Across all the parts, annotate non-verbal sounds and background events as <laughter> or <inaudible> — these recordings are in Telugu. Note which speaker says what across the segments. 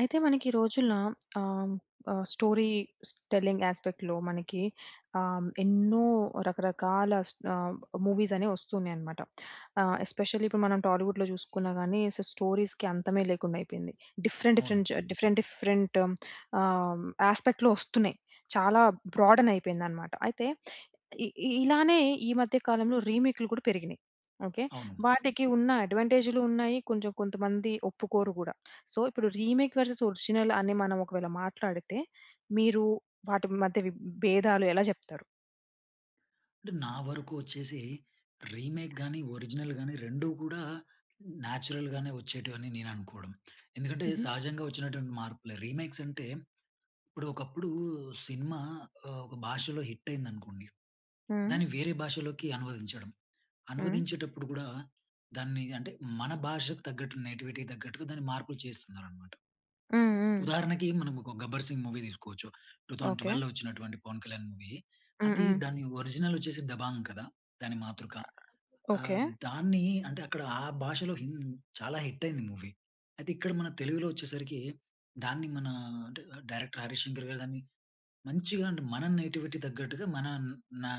Speaker 1: అయితే, మనకి ఈ రోజుల్లో ఆహ్, హ్మ్, ఆహ్, స్టోరీస్ టెల్లింగ్ యాస్పెక్ట్‌లో మనకి ఆహ్, ఎన్నో రకరకాల స్ ఆహ్, మూవీస్ అనేవి వస్తున్నాయి అన్నమాట. ఆహ్, ఎస్పెషల్లీ ఇప్పుడు మనం టాలీవుడ్‌లో చూసుకున్నా గాని, సో స్టోరీస్‌కి అంతమే లేకుండా అయిపోయింది. డిఫరెంట్,
Speaker 2: అవును.
Speaker 1: డిఫరెంట్ జ డిఫరెంట్, డిఫరెంట్ ఆహ్, ఆస్పెక్ట్‌లో ఒస్తున్నాయి. చాలా బ్రా‌డెన్ అయిపోయింది అన్నమాట. అయితే, ఇ ఇలానే ఈ మధ్య కాలంలో రీమేక్‌లు కూడా పెరిగినయి. ఓకె.
Speaker 2: అవును.
Speaker 1: వాటికి ఉన్న అడ్వాంటేజులు ఉన్నాయి. కొంచెం కొంతమంది ఒప్పుకోరు కూడా. సో, ఇప్పుడు రీమేక్ వర్సెస్ ఒరిజినల్ అని మనం ఒకవేళ మాట్లాడితే. మీరు వాటి మధ్య విబ్ భేదాలు ఎలా చెప్తారు?
Speaker 2: అంటే, నా వరకు వచ్చేసి, రీమేక్ గాని, ఒరిజినల్ గాని 2 కూడా, నాచురల్‍గానే వచ్చేటివి అని నేను అనుకోవడం. ఎందుకంటే,
Speaker 1: హుహు.
Speaker 2: సహజంగా వచ్చినటువంటి మార్పులే. రీమేక్స్ అంటే, ఇప్పుడు, ఒకప్పుడు సినిమా, ఒక భాషలో హిట్ అయిందనుకోండి,
Speaker 1: హ్మ్.
Speaker 2: దాన్ని వేరే భాషలోకి అనువదించడం.
Speaker 1: హ్మ్.
Speaker 2: అనువదించేటప్పుడు కూడా, దాన్ని అంటే మన భాషకు తగ్గట్టు నేటివిటీకి తగ్గట్టుగా దాన్ని మార్పులు చేస్తున్నారనమాట.
Speaker 1: హ్మ్. హ్మ్.
Speaker 2: ఉదాహరణకి, మనం ఒక 'గబ్బర్ సింగ్ మూవీ' తీసుకోవచ్చు, టూ తౌసండ్
Speaker 1: ఓకె.
Speaker 2: ట్వెల్వ్‌లో వచ్చినటువంటి పవన్ కళ్యాణ్ మూవీ.
Speaker 1: హ్మ్.
Speaker 2: అది
Speaker 1: హ్మ్.
Speaker 2: దాని ఒరిజినల్ వచ్చేసి 'దబాంగ్' కదా! దాని మాతృక.
Speaker 1: ఓకె.
Speaker 2: ఆహ్, దాన్ని అంటే, అక్కడ ఆ భాషలో హిన్ చాలా హిట్ అయింది మూవీ. అయితే, ఇక్కడ మన తెలుగులో వచ్చేసరికి, దాన్ని మన అంటే డైరెక్టర్ 'హరీష్ శంకర్' గారు దాన్ని మంచిగా అంటే, మన నేటివిటీకి తగ్గట్టుగా మన నా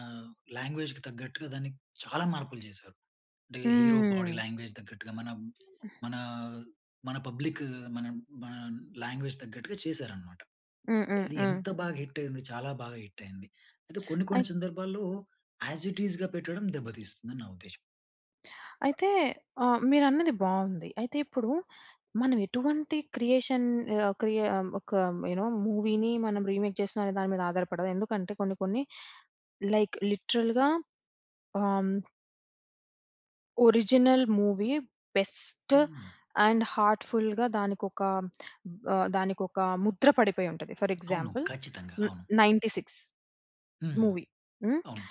Speaker 2: లాంగ్వేజ్‌కి తగ్గట్టుగా దాన్ని చాలా మార్పులు చేశారు. అంటే, హీరో బాడీ
Speaker 1: హ్మ్.
Speaker 2: లాంగ్వేజ్‌‌‌‌‌‌‌‌‌‌‌ తగ్గట్టుగా మనం మన మన పబ్లిక్ మన మన లాంగ్వేజ్‌‌కి తగ్గట్టుగా చేసారన్నమాట.
Speaker 1: హ్మ్. హ్మ్.
Speaker 2: అది
Speaker 1: హ్మ్.
Speaker 2: ఎంత బాగా హిట్ అయింది. చాలా బాగా హిట్ అయింది. అయితే కొన్ని, కొన్ని
Speaker 1: అయి
Speaker 2: సందర్భాల్లో యాస్ ఇట్ ఈస్‌గా పెట్టడం దెబ్బతీస్తుందని నా ఉద్దేశం.
Speaker 1: అయితే ఆహ్, మీరు అన్నది బావుంది. అయితే ఇప్పుడూ మనం ఎటువంటి క్రియేషన్ ఆహ్, క్రియ ఒకమ్ యు నో మూవీని మనం రీమేక్ చేస్తున్నాం అనే దాని మీద ఆధారపడదు. ఎందుకంటే, కొన్ని కొన్ని లైక్ లిటరల్‌గా ఆహ్ ఒరిజినల్ మూవీ బెస్ట్
Speaker 2: హ్మ్.
Speaker 1: అండ్ హార్ట్ఫుల్‌గా దానికొక బ్ దానికొక ముద్ర పడిపోయి ఉంటది. ఫోర్
Speaker 2: అవును.
Speaker 1: ఎగ్జాంపుల్
Speaker 2: ఖచ్చితంగా.
Speaker 1: న్
Speaker 2: అవును.
Speaker 1: 'నైంటీ సిక్స్'
Speaker 2: హ్మ్.
Speaker 1: మూవీ. హ్మ్.
Speaker 2: అవును.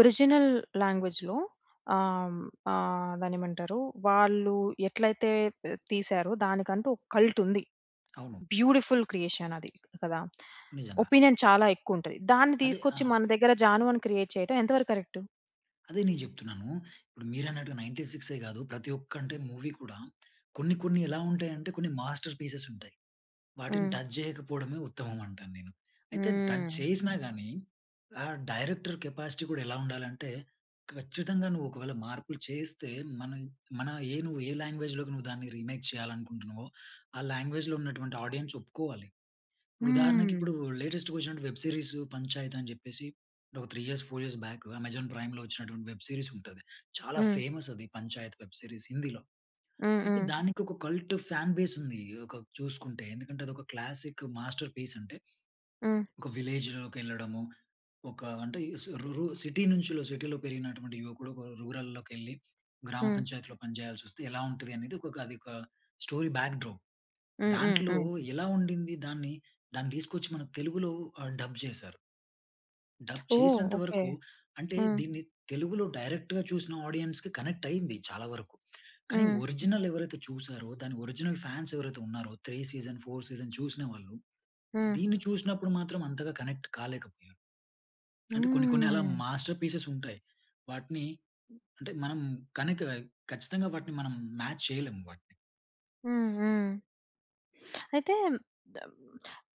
Speaker 1: ఒరిజినల్ లాంగ్వేజ్‌లో ఆహ్, ఆహ్, దాన్నేమంటారు? వాళ్ళు ఎట్లైతే త్ తీసారో దానికంటూ, ఒక కల్ట్ ఉంది.
Speaker 2: అవును.
Speaker 1: బ్యూటిఫుల్ క్రియేషన్ అది. కదా!
Speaker 2: నిజంగా.
Speaker 1: ఒపీనియన్ చాలా ఎక్కువ ఉంటది. దాన్ని
Speaker 2: అదే.
Speaker 1: తీసుకొచ్చి
Speaker 2: ఆహ్
Speaker 1: మన దగ్గర 'జాను' అని క్రియేట్ చేయడం ఎంత వరకు కరెక్ట్?
Speaker 2: అదే నేను జెప్తున్నాను. ఇప్పుడు మీరన్నట్టుగా నైన్టీ సిక్సే గాదు. ప్రతి ఒక్క అంటే, మూవీ కూడా కొన్ని కొన్ని ఎలా ఉంటాయంటే, కొన్ని మాస్టర్ పీసెస్ ఉంటాయి. వాటిని
Speaker 1: హ్మ్.
Speaker 2: టచ్ చేయకపోవడమే ఉత్తమం అంటాను నేను. అయితే, టచ్
Speaker 1: హ్మ్.
Speaker 2: చేసినా గాని ఆహ్, డైరెక్టర్ కెపాసిటీ గూడా ఎలా ఉండాలంటే, ఖచ్చితంగా నువ్వు ఒకవేళ మార్పులు చేస్తే మనం మన ఏ నువ్వు ఏ లాంగ్వేజ్‌లోకి నువ్వు దాన్ని రీమేక్ చేయాలనుకుంటున్నావో. ఆ లాంగ్వేజ్‌‌‌లో ఉన్నటువంటి ఆడియన్స్ ఒప్పుకోవాలి. ఇప్పుడు ఉదాహరణకి,
Speaker 1: హ్మ్.
Speaker 2: ఇప్పుడు లేటెస్ట్‌గా ఒచ్చినటి వెబ్ సీరీస్ 'పంచాయత్' అని జెప్పేసి. ఒక 3 ఇయర్స్, 4 ఇయర్స్ బాక్ అమెజాన్ ప్రైమ్‌లో వచ్చినటువంటి వెబ్ సీరీస్ ఉంటది. చాలా
Speaker 1: హ్మ్.
Speaker 2: ఫేమస్ అది 'పంచాయత్' వెబ్ సీరీస్ హిందీలో.
Speaker 1: హ్మ్.
Speaker 2: అయితే
Speaker 1: హ్మ్.
Speaker 2: దానికి ఒక కల్ట్ ఫాన్ బేస్ ఉంది. ఆహ్, ఒక చూసుకుంటే ఎందుకంటే, అది ఒక క్లాసిక్ మాస్టర్ పీస్ అంటే,
Speaker 1: హ్మ్.
Speaker 2: ఒక విలేజ్‌లోకెళ్ళడము. ఒక అంటే సు రు రు సిటీ నుంచిలో సిటీలో పెరిగినటువంటి యువకుడు ఒక రూరల్‌లోకెళ్లి గ్రామ
Speaker 1: హ్మ్.
Speaker 2: పంచాయతీలో పని చేయల్సొస్తే, ఎలా ఉంటది అనేది ఒక ఒక అది ఒక స్టోరీ బాక్ డ్రాప్.
Speaker 1: హ్మ్. హ్మ్.
Speaker 2: దాంట్లో
Speaker 1: హ్మ్.
Speaker 2: ఎలా ఉండింది దాన్ని. దాన్ని దీసుకొచ్చి మనకు తెలుగులో ఆహ్, డబ్ జేసారు. డబ్
Speaker 1: ఓహ్!
Speaker 2: చేసినంత
Speaker 1: ఓకే.
Speaker 2: వరకు అంటే,
Speaker 1: హ్మ్.
Speaker 2: దీన్ని తెలుగులో డైరెక్ట్‌‌గా చూసిన ఆడియన్స్‌కి కనెక్ట్ అయింది చాలా వరకు. కానీ
Speaker 1: హ్మ్.
Speaker 2: ఒరిజినల్ ఎవరైతే చూసారో, దాని ఒరిజినల్ ఫాన్స్ ఎవరైతే ఉన్నారో, 3 సీజన్, 4 సీజన్ చూసినవాళ్ళు.
Speaker 1: హ్మ్.
Speaker 2: దీన్ని చూసినప్పుడు మాత్రం అంతగా కనెక్ట్ కాలేకపోయారు. అంటే కొన్ని కొన్ని అలా
Speaker 1: హ్మ్.
Speaker 2: మాస్టర్ పీసెస్ ఉంటాయి. వాటిని అంటే, మనం కనిక ఖచ్చితంగా వాటిని మనం మాచ్ చేయలేం వాటిని.
Speaker 1: హ్మ్. హ్మ్. అయితే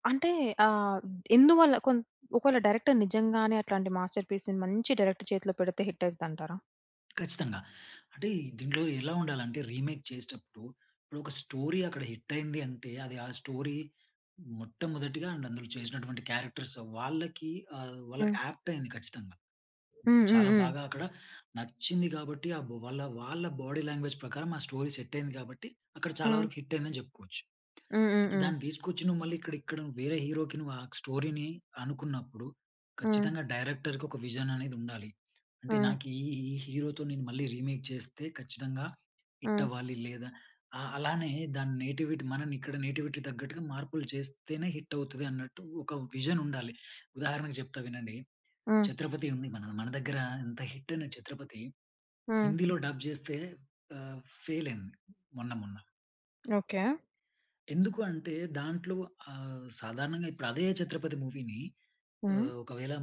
Speaker 1: అంటే ఆహ్, ఎందువల్ల కొంత్ ఒకవేళ డైరెక్టర్ నిజంగానే అట్లాంటి మాస్టర్ పీస్‌ని మంచి డైరెక్టర్ చేతిలో పెడితే హిట్ అయితది అంటారా?
Speaker 2: ఖచ్చితంగా. అంటే దీంట్లో ఎలా ఉండాలంటే రీమేక్ చేసేటప్పుడు, ఇప్పుడు ఒక స్టోరీ అక్కడ హిట్ అయింది అంటే, అది ఆ స్టోరీ మొట్టమొదటిగా అండ్ అందులో చేసినటువంటి క్యారెక్టర్స్ వాళ్ళకీ ఆహ్, వాళ్ళకి
Speaker 1: హ్మ్.
Speaker 2: ఏప్ట్ అయింది ఖచ్చితంగా.
Speaker 1: హ్మ్. హ్మ్.
Speaker 2: చాలా
Speaker 1: హ్మ్.
Speaker 2: బాగా అక్కడ నచ్చింది గాబట్టి అబ్ వాల్ల వాళ్ళ బాడీ లాంగ్వేజ్ ప్రకారం ఆ స్టోరీ సెట్ అయింది కాబట్టి, అక్కడ చాలా
Speaker 1: హ్మ్.
Speaker 2: వరకు హిట్ అయిందని చెప్పుకోవచ్చు.
Speaker 1: హ్మ్. హ్మ్.
Speaker 2: అయితే
Speaker 1: హ్మ్.
Speaker 2: దాన్ని తీసుకొచ్చి నువ్వు మళ్ళీ ఇక్కడ ఇక్కడ వేరే హీరోకి నువ్వు ఆ స్టోరీని అనుకున్నప్పుడు
Speaker 1: హ్మ్.
Speaker 2: ఖచ్చితంగా డైరెక్టర్‌కు ఒక విజన్ అనేది ఉండాలి. అంటే
Speaker 1: హ్మ్.
Speaker 2: నాకు ఈ, ఈ హీరోతో నేను మళ్ళీ రీమేక్ చేస్తే ఖచ్చితంగా హిట్
Speaker 1: హ్మ్.
Speaker 2: అవ్వాలి. లేదా ఆ! అలానే దాని నేటివిటీ మనం ఇక్కడ నేటివిటీ తగ్గట్టుగా మార్పులు చేస్తేనే హిట్ అవుతది అన్నట్టు ఒక విజన్ ఉండాలి. ఉదాహరణకు చెప్తా వినండి.
Speaker 1: హ్మ్.
Speaker 2: 'ఛత్రపతి' ఉంది. మన, మన దగ్గర ఇంత హిట్ అయిన 'ఛత్రపతి'
Speaker 1: హ్మ్.
Speaker 2: హిందీలో డబ్ చేస్తే ఆహ్, ఫెయిల్ అయింది మొన్న మొన్న.
Speaker 1: ఓకె.
Speaker 2: ఎందుకు అంటే, దాంట్లో ఆహ్, సాధారణంగా ఇప్పుడు అదే 'ఛత్రపతి' మూవీని
Speaker 1: హ్మ్.
Speaker 2: ఆహ్, ఒకవేళ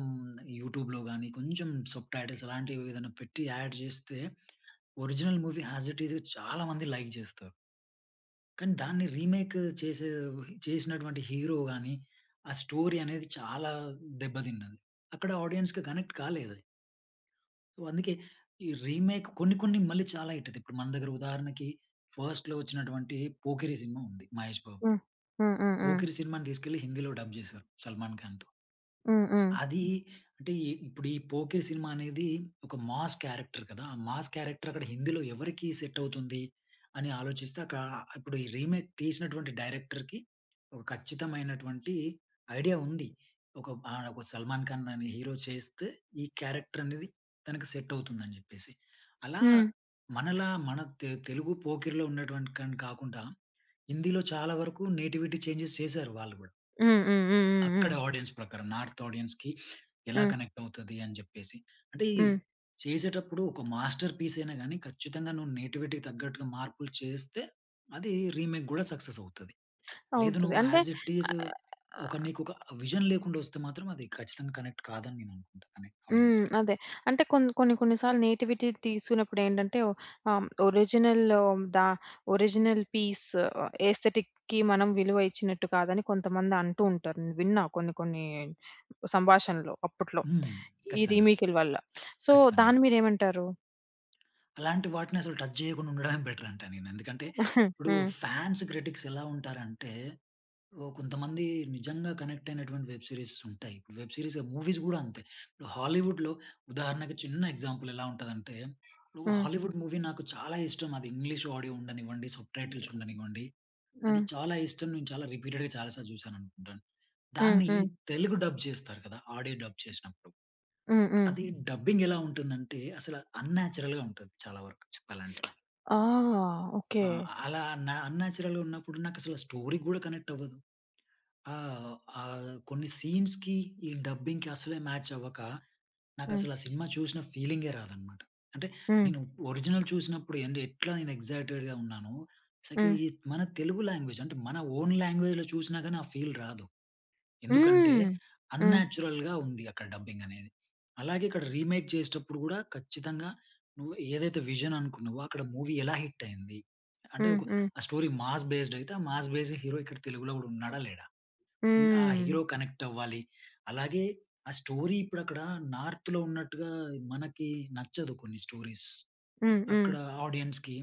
Speaker 2: యూట్యూబ్‌లో గాని, కొంచెం సబ్‌టైటిల్స్ లాంటివి ఏదైనా పెట్టి, అడ్ చేస్తే, original movie as it is చాలా మంది లైక్ చేస్తారు. కానీ, దాన్ని రీమేక్ చేసే చేసినటువంటి హీరో గాని, ఆ స్టోరీ అనేది చాలా దెబ్బతిన్నది. అక్కడ ఆడియన్స్‌కి కనెక్ట్ కాలేద‌ది. వ్ అందుకే ఈ రీమెక్ కొన్ని, కొన్ని మళ్ళీ చాలా హిట్. అత ఇప్పుడు మన దగ్గర ఉదాహరణకి ఫస్ట్‌లో వచ్చినటువంటి 'పోకిరి' సినిమా ఉంది 'మహేష్ బాబు'ది...
Speaker 1: హ్మ్. హ్మ్. హ్మ్. హ్మ్.
Speaker 2: 'పోకిరి' సినిమాని తీసుకెళ్ళి హిందీలో డబ్ చేసారు 'సల్మాన్ ఖాన్‌'తో.
Speaker 1: హ్మ్. హ్మ్.
Speaker 2: అదీ అంటే, ఇ ఇప్పుడు ఈ 'పోకిరి' సినిమా అనేది ఒక మాస్ క్యారెక్టర్ కదా! మాస్ క్యారెక్టర్ అక్కడ హిందీలో ఎవరికీ సెట్ అవుతుందీ? అని ఆలోచిస్తే అక్కడ, ఇప్పుడు ఈ రీమేక్ తీసినటువంటి డైరెక్టర్‌కి, ఒక ఖచ్చితమైనటువంటి ఐడియా ఉంది. ఒక ఆహ్, ఒక 'సల్మాన్ ఖాన్' అనే హీరో చేస్తే ఈ క్యారెక్టర్ అనేది, తనకి సెట్ అవుతుందని చెప్పేసి. అలా
Speaker 1: హ్మ్.
Speaker 2: మనలా మన తె తెలుగు 'పోకిరి'లో ఉన్నటువంటి కన్ కాకుండా, హిందీలో చాలా వరకు నేటివిటీ చేంజెస్ చేసారు, వాళ్ళు కూడా...
Speaker 1: హ్మ్. హ్మ్. హ్మ్. హ్మ్.
Speaker 2: అక్కడ
Speaker 1: హ్మ్.
Speaker 2: ఆడియన్స్ ప్రకారం, నార్త్ ఆడియన్స్‌కి ఎలా
Speaker 1: హ్మ్.
Speaker 2: కనెక్ట్ అవుతది, అని చెప్పేసి. అంటే
Speaker 1: హ్మ్.
Speaker 2: చేసేటప్పుడు ఒక మాస్టర్ పీస్ అయినా గాని, ఖచ్చితంగా నువ్వు నేటివిటీకి తగ్గట్టుగా మార్పులు చేస్తే, అది రీమేక్ కూడా సక్సెస్ అవుతది. లేదు
Speaker 1: అవుతది.
Speaker 2: నువ్వు
Speaker 1: అంటే.
Speaker 2: ఆస్ ఇట్ ఈజ్ ఒక నీకు ఒక విజన్ లేకుండా వస్తే మాత్రం, అది ఖచ్చితంగా, కనెక్ట్ కాదని నేను అనుకుంటాను
Speaker 1: హ్మ్.
Speaker 2: ఆడియన్స్‌కి.
Speaker 1: అదే అంటే. కొన్ని, కొన్ని, కొన్ని సార్లు నేటివిటీ తీసుకున్నప్పుడు ఏంటంటే, ఆహ్, ఒరిజినల్ లోదా? ఒరిజినల్ పీస్ ఎస్థెటిక్‌‌కి మనం విలువ ఇచ్చినట్టు కాదని, కొంతమంది అంటూ ఉంటారు. విన్నా కొన్ని, కొన్ని సంభాషణలు అప్పట్లో. <smacks lips>
Speaker 2: హ్మ్.
Speaker 1: ఈ
Speaker 2: ఖచ్చితంగా.
Speaker 1: రీ‌మి‌‌క్‌ల వల్ల సో,
Speaker 2: ఖచ్చితంగా.
Speaker 1: దాన్ని మీరేమంటారు?
Speaker 2: అలాంటి వాటిని అసలు టచ్ చేయకుండా ఉండడమే బెటరంటాను నేను. ఎందుకంటే,
Speaker 1: <chuckles>
Speaker 2: ఇప్పుడు,
Speaker 1: హ్మ్.
Speaker 2: ఫ్యాన్స్ క్రిటిక్స్ ఎలా ఉంటారంటే, ఓ కొంతమంది నిజంగా కనెక్ట్ అయినటువంటి వెబ్ సీరీస్ ఉంటాయి. వెబ్ సీరీస్, మూవీస్ కూడా అంతే, ఇప్పుడు హాలీవుడ్‌లో ఉదాహరణకు చిన్న ఎగ్జాంపుల్, ఎలా ఉంటదంటే, నువ్వు
Speaker 1: హ్మ్.
Speaker 2: హాలీవుడ్ మూవీ నాకు చాలా ఇష్టమది. ఇంగ్లీష్ ఆడియో ఉండనివ్వండి, సబ్‌టైటిల్స్ ఉండనివ్వండి. అది
Speaker 1: హ్మ్.
Speaker 2: చాలా ఇష్టం, నేను చాలా రిపీటెడ్‌గా, చాలా సార్లు చూసాననుకుంటాను.
Speaker 1: హ్మ్,
Speaker 2: దాన్ని
Speaker 1: హ్మ్.
Speaker 2: తెలుగు డబ్ చేస్తారు కదా! ఆడియో డబ్ చేసినప్పుడు.
Speaker 1: హ్మ్, హ్మ్.
Speaker 2: అది, డబ్బింగ్ ఎలా ఉంటుందంటే, అసల అన్‌నాచురల్‌గా ఉంటది. చాలా వరకు చెప్పాలంటే.
Speaker 1: ఆ!
Speaker 2: ఆ!
Speaker 1: ఓకే.
Speaker 2: అలా, న అన్‌నాచురల్‌గా ఉన్నప్పుడు నాకసలు స్టోరీ కూడా కనెక్ట్ అవ్వదు. ఆహ్, ఆహ్, కొన్ని సీన్స్‌కి, ఈ డబ్బింగ్‌కి అసలే మ్యాచ్ అవ్వక,
Speaker 1: హ్మ్.
Speaker 2: నాకసలా సినిమా చూసిన ఫీలింగే రాదన్నమాట. అంటే
Speaker 1: హ్మ్.
Speaker 2: నేను ఒరిజినల్ చూసినప్పుడు ఏం ఎట్లా నేను ఎక్సైటెడ్‌గా ఉన్నాను. సక
Speaker 1: హ్మ్.
Speaker 2: మన తెలుగు లాంగ్వేజ్ అంటే మన ఓన్ లాంగ్వేజ్‌లో చూసినా గానీ ఆ ఫీల్ రాదు. ఎందుకంటే,
Speaker 1: హ్మ్, హ్మ్.
Speaker 2: అన్‌నాచురల్‌గా ఉంది అక్కడ డబ్బింగ్ అనేది. అలాగే ఇక్కడ రీమేక్ చేసేటప్పుడు కూడా ఖచ్చితంగా, నువ్వు ఏదైతే విజన్ అనుకున్నావో, అక్కడ మూవీ ఎలా హిట్టయింది, అంటే
Speaker 1: హ్మ్,
Speaker 2: ఒక
Speaker 1: హ్మ్.
Speaker 2: ఆహ్, స్టోరీ మాస్ బేస్డ్ అయితే ఆహ్, మాస్ బేస్డ్ హీరో ఇక్కడ తెలుగులో కూడా ఉన్నాడా, లేడా, ఉంటే, ఆ
Speaker 1: హ్మ్.
Speaker 2: హీరో కనెక్ట్ అవ్వాలి. అలాగే ఆహ్, స్టోరీ ఇప్పుడక్కడ నార్త్‌లో ఉన్నట్టుగా మనకి నచ్చదు కొన్ని స్టోరీస్.
Speaker 1: హ్మ్, హ్మ్.
Speaker 2: అక్కడ, ఆడియన్స్‌కి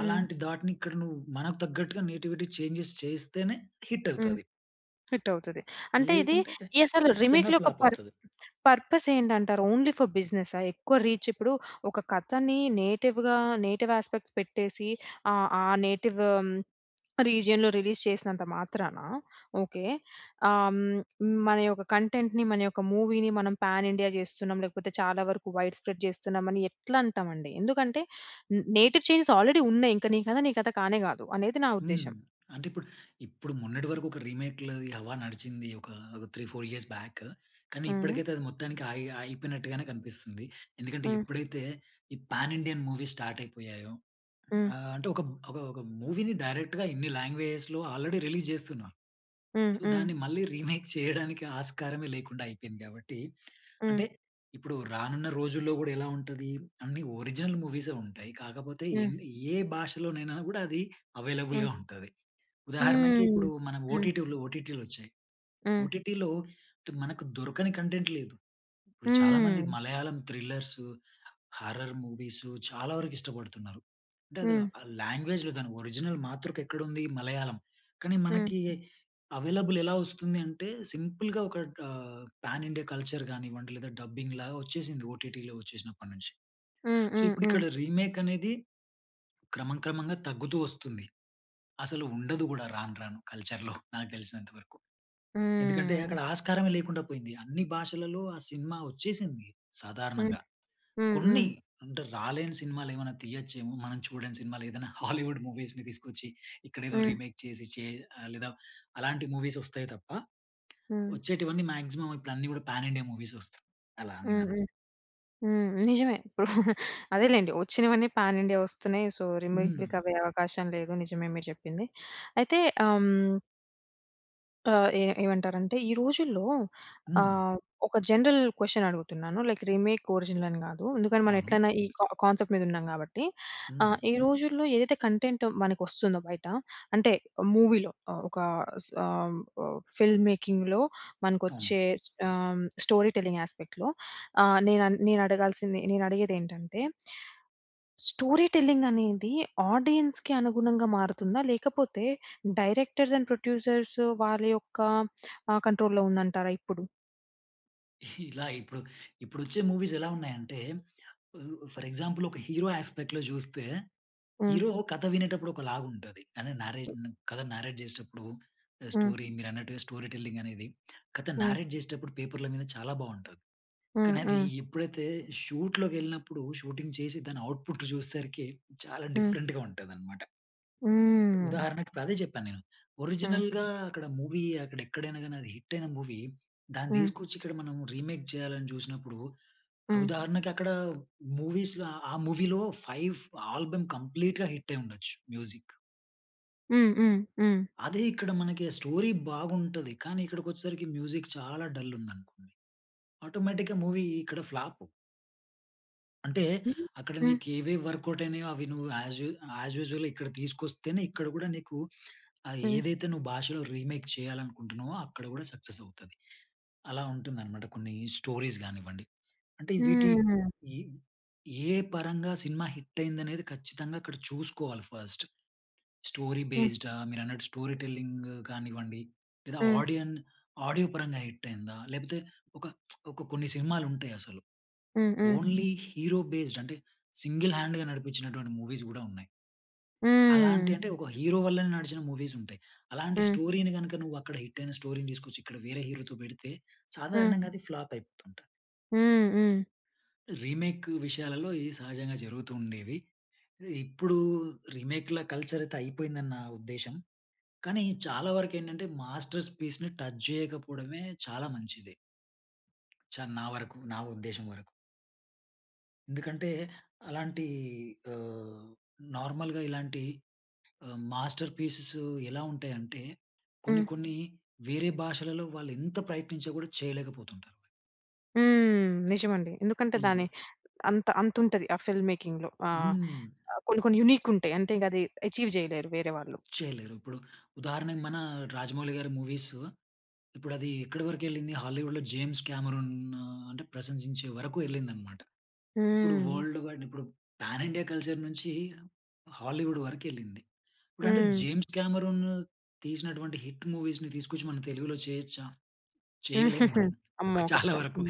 Speaker 1: హ్మ్.
Speaker 2: అలాంటి దాటిని ఇక్కడ నువ్వు, మనకు తగ్గట్టుగా నేటివిటీ చేంజెస్ చేస్తేనే, హిట్
Speaker 1: హ్మ్.
Speaker 2: అవుతది.
Speaker 1: హిట్ అవుతది. అంటే, ఇది
Speaker 2: లేకుంటే,
Speaker 1: ఈ అసలు
Speaker 2: ఖచ్చితంగా
Speaker 1: రీమేక్‌లో ఒక
Speaker 2: ఫ్లాప్
Speaker 1: పర్
Speaker 2: అవుతది.
Speaker 1: పర్పస్ ఏంటంటారు? ఓన్లీ ఫర్ బిజినెసా? ఎక్కువ రీచ్ ఇప్పుడు, ఒక కథని నేటివ్‌గా, నేటివ్ యాస్పెక్ట్స్ పెట్టేసి ఆహ్, ఆ నేటివ్ రీజియన్‌లో, రిలీజ్ చేసినంత మాత్రానా, ఓకే. హ్మ్. మన యొక్క కంటెంట్‌ని, మన యొక్క మూవీని, మనం పాన్ ఇండియా చేస్తున్నాం, లేకపోతే చాలా వరకు వైడ్ స్ప్రెడ్ చేస్తున్నామని ఎట్లా అంటామండి? ఎందుకంటే, నేటివ్ చేంజెస్ ఆల్రెడీ ఉన్నాయి. ఇంక నీ కథ, నీ కథ కానే కాదు, అనేది నా
Speaker 2: హ్మ్,
Speaker 1: ఉద్దేశ్యం.
Speaker 2: అంటే ఇప్పుడు, ఇప్పుడు మొన్నటి వరకు ఒక రీమేక్‌లది హవా నడిచింది, ఒక 3, 4 ఇయర్స్ బ్యాక్. కానీ,
Speaker 1: హ్మ్.
Speaker 2: ఇప్పటికైతే అది మొత్తానికి అయి అయిపోయినట్టుగానే కనిపిస్తుంది. ఎందుకంటే,
Speaker 1: హ్మ్.
Speaker 2: ఎప్పుడైతే ఈ పాన్ ఇండియన్ మూవీస్ స్టార్ట్ అయిపోయాయో.
Speaker 1: హ్మ్.
Speaker 2: ఆహ్, అంటే ఒక, ఒక, ఒక మూవీని డైరెక్ట్‌గా ఇన్ని లాంగ్వేజ్‌లో ఆల్రెడీ రిలీజ్ జేస్తున్నాం.
Speaker 1: హ్మ్,
Speaker 2: సో,
Speaker 1: హ్మ్.
Speaker 2: దాన్ని మళ్ళీ రీమేక్ చేయడానికి ఆస్కారమే లేకుండా అయిపోయింది. కాబట్టి,
Speaker 1: హ్మ్.
Speaker 2: అంటే, ఇప్పుడు రానున్న, రోజుల్లో కూడా ఎలా ఉంటది? అన్నీ ఒరిజినల్ మూవీసే ఉంటాయి. కాకపోతే
Speaker 1: హ్మ్.
Speaker 2: ఎన్ని ఏ భాషలోనైనా కూడా అది,
Speaker 1: హ్మ్.
Speaker 2: అవైలబుల్‌గా ఉంటది. ఉదాహరణకి
Speaker 1: హ్మ్.
Speaker 2: ఇప్పుడు మన
Speaker 1: హ్మ్.
Speaker 2: ఓటిటి ఓటిటిలు వచ్చాయి.
Speaker 1: హ్మ్.
Speaker 2: ఓటిటిలో, మనకు దొరకని కంటెంట్ లేదు. ఇప్పుడు చాలా మంది,
Speaker 1: హ్మ్.
Speaker 2: మలయాళం థ్రిల్లర్సు హారర్ మూవీసు చాలా వరకు ఇష్టపడుతున్నారు. అంటే అది
Speaker 1: హ్మ్.
Speaker 2: ఆహ్, లాంగ్వేజ్‌లో దాని ఓరిజినల్ మాతృక ఎక్కడుంది? మలయాళం. కానీ
Speaker 1: హ్మ్.
Speaker 2: మనకి అవెైలబుల్ ఎలా వస్తుంది అంటే, సింపుల్‌గా ఒక ఆహ్, పాన్ ఇండియా కల్చర్, గానివ్వండి లేదా, డబ్బింగ్ లాగా వచ్చేసింది. ఓటిటిలో వచ్చేసినప్పటినుంచి.
Speaker 1: హ్మ్,
Speaker 2: సో,
Speaker 1: హ్మ్,
Speaker 2: ఇప్పుడు,
Speaker 1: హ్మ్.
Speaker 2: ఇక్కడ రీమేక్ అనేది క్రమం, క్రమంగా తగ్గుతూ వస్తుంది. అసలు ఉండదు కూడా రాను, రాను కల్చర్‌లో <chuckles> నాకు తెలిసినంత వరకు. ఎందుకంటే
Speaker 1: హ్మ్.
Speaker 2: అక్కడ, ఆస్కారమే లేకుండా పోయింది. అన్ని భాషలలో ఆ సినిమా వచ్చేసింది,
Speaker 1: హ్మ్,
Speaker 2: సాధారణంగా.
Speaker 1: హ్మ్,
Speaker 2: కొన్ని,
Speaker 1: హ్మ్.
Speaker 2: అంటే రాలేని సినిమాలు ఏమైనా తీయొచ్చేమో మనం చూడని సినిమాలు ఏదైనా హాలీవుడ్ మూవీస్‌ని తీసుకొచ్చి ఇక్కడేదో
Speaker 1: హ్మ్.
Speaker 2: రీమేక్ చేసి చే లేదా అలాంటి మూవీస్ వస్తాయి తప్ప.
Speaker 1: హ్మ్.
Speaker 2: వచ్చేటివన్నీ, మాక్సిమం ఇప్పుడు అన్ని కూడా పాన్ ఇండియా మూవీస్, వస్తాయి, అలా నేను
Speaker 1: హ్మ్,
Speaker 2: అనను.
Speaker 1: హ్మ్, హ్మ్. నిజమే <chuckles> ఇప్పుడు అదేలెండి వచ్చినవన్నీ పాన్ ఇండియా వస్తున్నాయి. సో,
Speaker 2: హ్మ్.
Speaker 1: రీమేక్‌లకి అవే అవకాశం లేదు, నిజమే మీరు చెప్పింది. అయితే, హ్మ్. ఆహ్, ఏ ఏమంటారంటే, ఈ రోజుల్లో
Speaker 2: హ్మ్.
Speaker 1: ఆహ్, ఒక జనరల్ క్వెషన్ అడుగుతున్నాను, లైక్ రీమేక్, ఒరిజినల్ అని గాదు. ఎందుకని మనం
Speaker 2: అవును.
Speaker 1: ఎట్లైనా ఈ కా కాన్సెప్ట్ మీదున్నాం గాబట్టి.
Speaker 2: హ్మ్.
Speaker 1: ఆహ్, ఈ రోజుల్లో ఏదైతే కంటెంటొ మనకొస్తుందో బయట, అంటే మూవీలో ఆహ్, ఒక సామ్ వొ ఫిల్మ్ మేకింగ్‌లో
Speaker 2: అవును.
Speaker 1: మనకొచ్చే ఆహ్, స్టోరీ టెల్లింగ్ యాస్పెక్ట్‌లో ఆహ్, నేనన్ నేనడగాల్సింది, నేనడిగేదేంటంటే... స్టోరీ టెల్లింగ్ అనేది ఆడియన్స్‌కి అనుగుణంగా మారుతుందా? లేకపోతే డైరెక్టర్స్ అండ్ ప్రొడ్యూసర్సు వాళ్ళ యొక్క ఆహ్, కంట్రోల్‌లో ఉందంటారా ఇప్పుడు?
Speaker 2: ఇలా ఇప్పుడు, ఇప్పుడొచ్చే మూవీస్ ఎలా ఉన్నాయంటే, వు ఫర్ ఎగ్జాంపుల్ ఒక హీరో యాస్పెక్ట్‌లో జూస్తే,
Speaker 1: హ్మ్.
Speaker 2: హీరో కథ వినేటప్పుడు ఒకలాగుంటది, అంటే నారేషను, కథ నారేట్ జేసేటప్పుడు ఆహ్,
Speaker 1: హ్మ్.
Speaker 2: స్టోరీ మీరన్నట్టుగా స్టోరీ టెల్లింగ్ అనేది, కథ
Speaker 1: హ్మ్.
Speaker 2: నారేట్ చేసేటప్పుడు, పేపర్‌ల మీద చాలా బావుంటది.
Speaker 1: హ్మ్.
Speaker 2: కానది
Speaker 1: హ్మ్.
Speaker 2: ఎప్పుడైతే షూట్‌లోకెళ్ళినప్పుడు, షూటింగ్ చేసి, దాని ఔట్పుట్ చూసేసరికి, చాలా
Speaker 1: హ్మ్.
Speaker 2: డిఫరెంట్‌గా ఉంటదన్నమాట.
Speaker 1: హ్మ్.
Speaker 2: ఉదాహరణకి ఇప్పుడదే చెప్పా నేను.
Speaker 1: హ్మ్.
Speaker 2: ఒరిజినల్‌గా అక్కడ మూవీ, అక్కడెక్కడైనా గాని అది హిట్టయిన మూవీ, దాన్ని
Speaker 1: హ్మ్.
Speaker 2: తీసుకొచ్చి ఇక్కడ మనం రీమేక్ జేయాలని జూసినప్పుడు,
Speaker 1: హ్మ్.
Speaker 2: ఉదాహరణకి అక్కడ మూవీస్‌లో ఆ మూవీ‌లో 5 ఆల్బమ్ కంప్లీట్‌గా హిట్టయిండొచ్చు మ్యూజిక్కు.
Speaker 1: హ్మ్, హ్మ్. హ్మ్.
Speaker 2: అదే ఇక్కడ మనకి స్టోరీ బాగుంటది. కానీ ఇక్కడికొచ్చేసరికి మ్యూజిక్ చాలా డల్ ఉందనుకోండి ఆటోమేటిక్‌గా మూవీ ఇక్కడ ఫ్లాపు. అంటే అక్కడ
Speaker 1: హ్మ్.
Speaker 2: నీకు ఏవేవి వర్కౌట్ అయినయో అవి నువ్వు యాజు యాజ్ యూజువల్ ఇక్కడ తీసుకొస్తేనే ఇక్కడ కూడా నీకు <sniffs> అహ్,
Speaker 1: హ్మ్.
Speaker 2: ఏదైతే నువ్వు భాషలో రీమేక్ చెయ్యాలనుకుంటున్నావో అక్కడ కూడా సక్సెస్ అవుతది. అలా ఉంటుందనమాట కొన్ని స్టోరీస్ గానివ్వండి. అంటే వీటి
Speaker 1: హ్మ్.
Speaker 2: ఇ ఏ పరంగా సినిమా హిట్ అయిందనేది ఖచ్చితంగా అక్కడ చూసుకోవాలి ఫస్ట్. స్టోరీ
Speaker 1: హ్మ్.
Speaker 2: బేస్డా, మీరన్నట్టు స్టోరీ టెల్లింగ్ కానివ్వండి లేదా
Speaker 1: హ్మ్.
Speaker 2: ఆడియన్ ఆడియో పరంగా హిట్ అయిందా? లేకపోతే ఒక <smacks lips> ఒక కొన్ని సినిమాలు ఉంటాయసలు
Speaker 1: హ్మ్. హ్మ్.
Speaker 2: ఓన్లీ హీరో బేస్డ్ అంటే సింగిల్ హ్యాండ్‌గా నడిపించినటువంటి మూవీస్ కూడా ఉన్నాయి. అలాంటి
Speaker 1: హ్మ్.
Speaker 2: అంటే ఒక హీరో వల్లనే నడిచిన మూవీస్ ఉంటాయి. అలాంటి
Speaker 1: హ్మ్.
Speaker 2: స్టోరీని గనుక నువ్వు అక్కడ హిట్ అయిన స్టోరీని తీసుకొచ్చి ఇక్కడ వేరే హీరోతో పెడితే
Speaker 1: హ్మ్.
Speaker 2: సాధారణంగా అది ఫ్లాప్ అయిపోతుంటది.
Speaker 1: హ్మ్, హ్మ్.
Speaker 2: రీమేక్ విషయాలలో ఇది సహజంగా జరుగుతూ ఉండేవి. ఇప్పుడు రీమేక్‌ల కల్చర్ అయితే అయిపోయిందని నా ఉద్దేశ్యం. కానీ చాలా వరకు ఏంటంటే మాస్టర్స్ పీస్‌ని టచ్ చేయకపోవడమే చాలా మంచిది. చ నా వరకు, నా ఉద్దేశ్యం వరకు. ఎందుకంటే? అలాంటి ఆహ్, నార్మల్‌‌‌‌‌‌‌‌‌‌‌‌‌‌‌‌‌‌‌గా ఇలాంటి ఆహ్, మాస్టర్‌పీసెస్ ఎలా ఉంటాయంటే, కొన్ని
Speaker 1: హ్మ్.
Speaker 2: కొన్ని వేరే భాషలలో వాళ్ళు ఎంత ప్రయత్నించా కూడా చేయలేకపోతుంటారు.
Speaker 1: హ్మ్. నిజమండి. ఎందుకంటే,
Speaker 2: నిజం.
Speaker 1: దాని అంత అంత ఉంటది ఆ ఫిల్మ్ మేకింగ్‌లో ఆహ్,
Speaker 2: హ్మ్.
Speaker 1: కొన్ని కొన్ని యూనిక్ ఉంటాయి. అంటే అది అచీవ్ చేయలేరు వేరే వాళ్ళు.
Speaker 2: చేయలేరు. ఇప్పుడు ఉదాహరణకు మన 'రాజమౌళి' గారి మూవీసు, ఇప్పుడు అది ఎక్కడి వరకు ఎళ్ళింది. హాలీవుడ్‌లో 'జేమ్స్ కామెరూన్' ఆహ్, అంటే ప్రశంసించే వరకు ఎళ్ళింది అనమాట. ఇప్పుడు
Speaker 1: హ్మ్.
Speaker 2: వర్ల్డ్ ‌‌‌వైడ్ ఇప్పుడు పాన్ ఇండియా కల్చర్ నుంచి హాలీవుడ్ వరకు ఎళ్ళింది. ఇప్పుడు అంటే
Speaker 1: హ్మ్.
Speaker 2: జేమ్స్ కామెరూన్ తీసినటువంటి హిట్ మూవీస్‌‌‌ని తీసుకొచ్చి, మన తెలుగులో చేయొచ్చా? చేయలేం మనం.
Speaker 1: <giggles> అమ్మో!
Speaker 2: చాలా
Speaker 1: కష్టం.
Speaker 2: వరకు.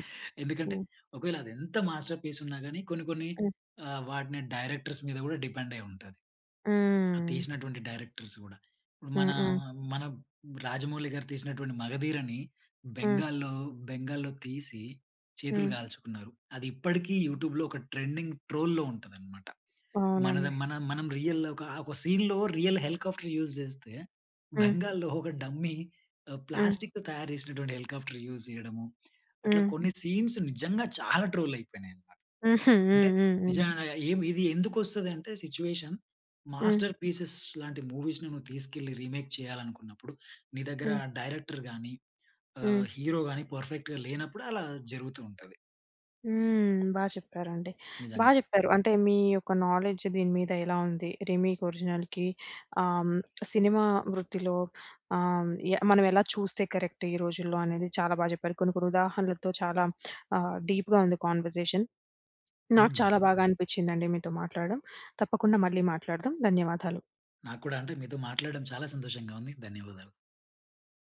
Speaker 2: ఎందుకంటే ఒకవేళ, అది ఎంత మాస్టర్‌పీస్ ఉన్నా గాని, కొన్ని కొన్ని
Speaker 1: హ్మ్.
Speaker 2: ఆహ్, వాటిని డైరెక్టర్స్ మీద కూడా డిపెండ్ అయి ఉంటది. అది
Speaker 1: హ్మ్.
Speaker 2: తీసినటువంటి డైరెక్టర్స్ గూడా. ఇప్పుడు
Speaker 1: హ్మ్,
Speaker 2: మనా,
Speaker 1: హ్మ్.
Speaker 2: మన రాజమౌళి గారు తీసినటువంటి మగధీరని
Speaker 1: హ్మ్.
Speaker 2: బెంగాల్లో, బెంగాల్లో తీసి చేతులు
Speaker 1: హ్మ్.
Speaker 2: కాల్చుకున్నారు. అది ఇప్పటికి యూట్యూబ్‌లో ఒక ట్రెండింగ్ ట్రోల్‌లో ఉంటదనమాట. మనది
Speaker 1: అవునండి.
Speaker 2: మన మనం రియల్‌‌‌‌‌లో కా ఒక సీన్‌లో రియల్ హెలికాప్టర్ యూస్ చేస్తే
Speaker 1: హ్మ్.
Speaker 2: బెంగాల్లో ఒక డమ్మీ,
Speaker 1: హ్మ్.
Speaker 2: ప్లాస్టిక్‌తో తయారు చేసినటువంటి హెలికాప్టర్ యూస్ చేయడము. అట్లా
Speaker 1: హ్మ్.
Speaker 2: కొన్ని సీన్స్ నిజంగా చాలా ట్రోల్ అయిపోయినాయి అన్నమాట.
Speaker 1: హుహు. <chuckles>
Speaker 2: అంటే
Speaker 1: హుహుహు.
Speaker 2: నిజంగా ఏం ఇది ఎందుకు వస్తది అంటే సిట్యుయేషన్.
Speaker 1: హ్మ్.
Speaker 2: మాస్టర్‌పీసెస్ లాంటి మూవీస్‌‌ని నువ్వు తీసుకెళ్ళి రీమేక్ చేయాలనుకున్నప్పుడు, నీ దగ్గర
Speaker 1: హ్మ్.
Speaker 2: డైరెక్టర్ గాని,
Speaker 1: హ్మ్.
Speaker 2: ఆహ్, హీరో గాని పర్ఫెక్ట్‌గా లేనప్పుడు అలా జరుగుతూ ఉంటది.
Speaker 1: హ్మ్. బా చెప్పారండి. బా
Speaker 2: నిజంగా.
Speaker 1: చెప్పారు, అంటే మీ యొక్క నాలెడ్జ్ దీని మీద ఎలా ఉంది? రీమేక్ ఒరిజినల్‌కి ఆహ్, సినిమా వృత్తిలో ఆహ్, ఎ మనం ఎలా చూస్తే కరెక్ట్ ఈ రోజుల్లో అనేది చాలా బాగా చెప్పారు. కొన్ని కొన్ని ఉదాహరణలతో, చాలా <smacks lips> ఆహ్, డీప్‍గా ఉంది కాన్వర్సేషన్. నాకు
Speaker 2: హ్మ్.
Speaker 1: చాలా బాగా అనిపించిందండి మీతో మాట్లాడడం. తప్పకుండా మళ్ళీ మాట్లాడదాం. ధన్యవాదాలు.
Speaker 2: నాకు కూడా. అంటే మీతో మాట్లాడడం చాలా సంతోషంగా ఉంది. ధన్యవాదాలు.